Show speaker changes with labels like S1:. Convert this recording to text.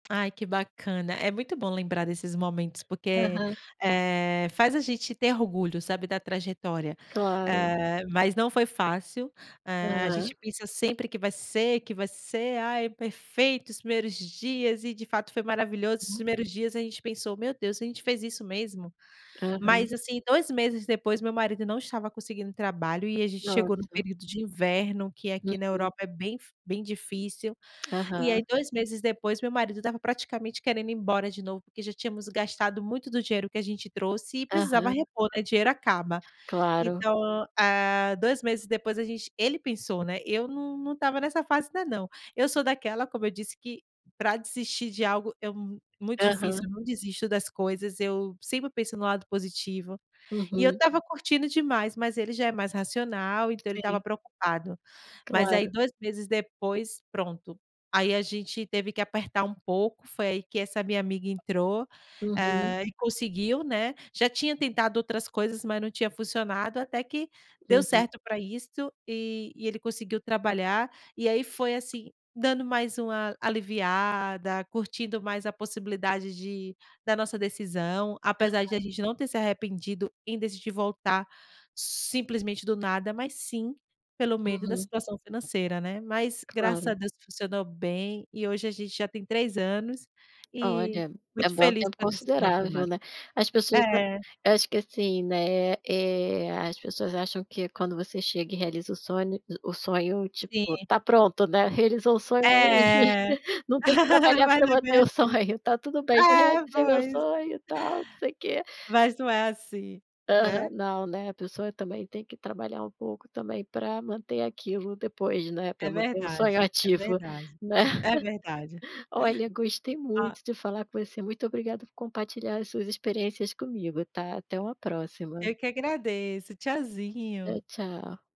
S1: Ai, que bacana. É muito bom lembrar desses momentos porque,
S2: Aham.
S1: eh, faz a gente ter orgulho, sabe, da trajetória.
S2: Claro.
S1: Eh, mas não foi fácil, eh, a gente
S2: Aham.
S1: pensa sempre que vai ser, que vai ser, "ai, é perfeito, os primeiros dias", e de fato foi maravilhoso os
S2: Uhum.
S1: primeiros dias, a gente pensou: "Meu Deus, a gente fez isso mesmo?".
S2: Aham.
S1: Mas, assim, 2 meses depois, meu marido não estava conseguindo trabalho, e a gente chegou no
S2: Nossa.
S1: período de inverno, que aqui na
S2: Uhum.
S1: Europa é bem f bem difícil, e aí
S2: Aham.
S1: 2 meses depois, meu marido estava praticamente querendo ir embora de novo, porque já tínhamos gastado muito do dinheiro que a gente trouxe e precisava
S2: Aham.
S1: repor, né, dinheiro acaba.
S2: Claro.
S1: Então, ah, 2 meses depois a gente ele pensou, né, eu não não estava nessa fase ainda não. Eu sou daquela, como eu disse, que pra desistir de algo é mu muito
S2: Aham.
S1: difícil, eu não desisto das coisas, eu sempre penso no lado positivo. E eu
S2: Uhum.
S1: estava curtindo demais, mas ele já é mais racional, então ele estava
S2: Sim.
S1: preocupado. Mas aí
S2: Claro.
S1: 2 meses depois, pronto. Aí a gente teve que apertar um pouco, foi aí que essa minha amiga entrou,
S2: Uhum.
S1: eh, e conseguiu, né. Já tinha tentado outras coisas, mas não tinha funcionado, até que deu
S2: Uhum.
S1: certo pra isto, e e ele conseguiu trabalhar. E aí foi, assim, dando mais uma aliviada, curtindo mais a possibilidade de da nossa decisão, apesar de
S2: Aham.
S1: a gente não ter se arrependido em decidir voltar simplesmente do nada, mas sim, pelo medo da
S2: Uhum.
S1: situação financeira, né. Mas, graças a
S2: Claro.
S1: Deus, funcionou bem, e hoje a gente já tem 3 anos, e
S2: Olha, é
S1: muito
S2: bem um
S1: feliz
S2: tempo
S1: pela decisão
S2: considerável,
S1: tomada.
S2: né. As pessoas, ah
S1: É.
S2: acho que, assim, né, eh, as pessoas acham que quando você chega e realiza o sonho, hum, o sonho, tipo,
S1: Sim.
S2: tá pronto, né. "Realizou o sonho aí,
S1: É.
S2: não tem que trabalhar
S1: Mas
S2: pra
S1: é bem
S2: manter
S1: assim.
S2: o sonho". "Tá tudo bem, já
S1: É,
S2: realizei meu
S1: pois.
S2: sonho e tal, não sei quê"
S1: Mas não é assim,
S2: Aham.
S1: né?
S2: Não, né, a pessoa também tem que trabalhar um pouco, também, pra manter aquilo depois, né,
S1: É
S2: pra manter o sonho
S1: verdade, é
S2: ativo,
S1: verdade,
S2: né.
S1: é verdade.
S2: Olha, gostei
S1: A
S2: muito de falar com você, muito obrigada por compartilhar as suas experiências comigo, tá? Até uma próxima.
S1: Eu que agradeço.
S2: Tchau,
S1: Tchauzinho.
S2: tchau.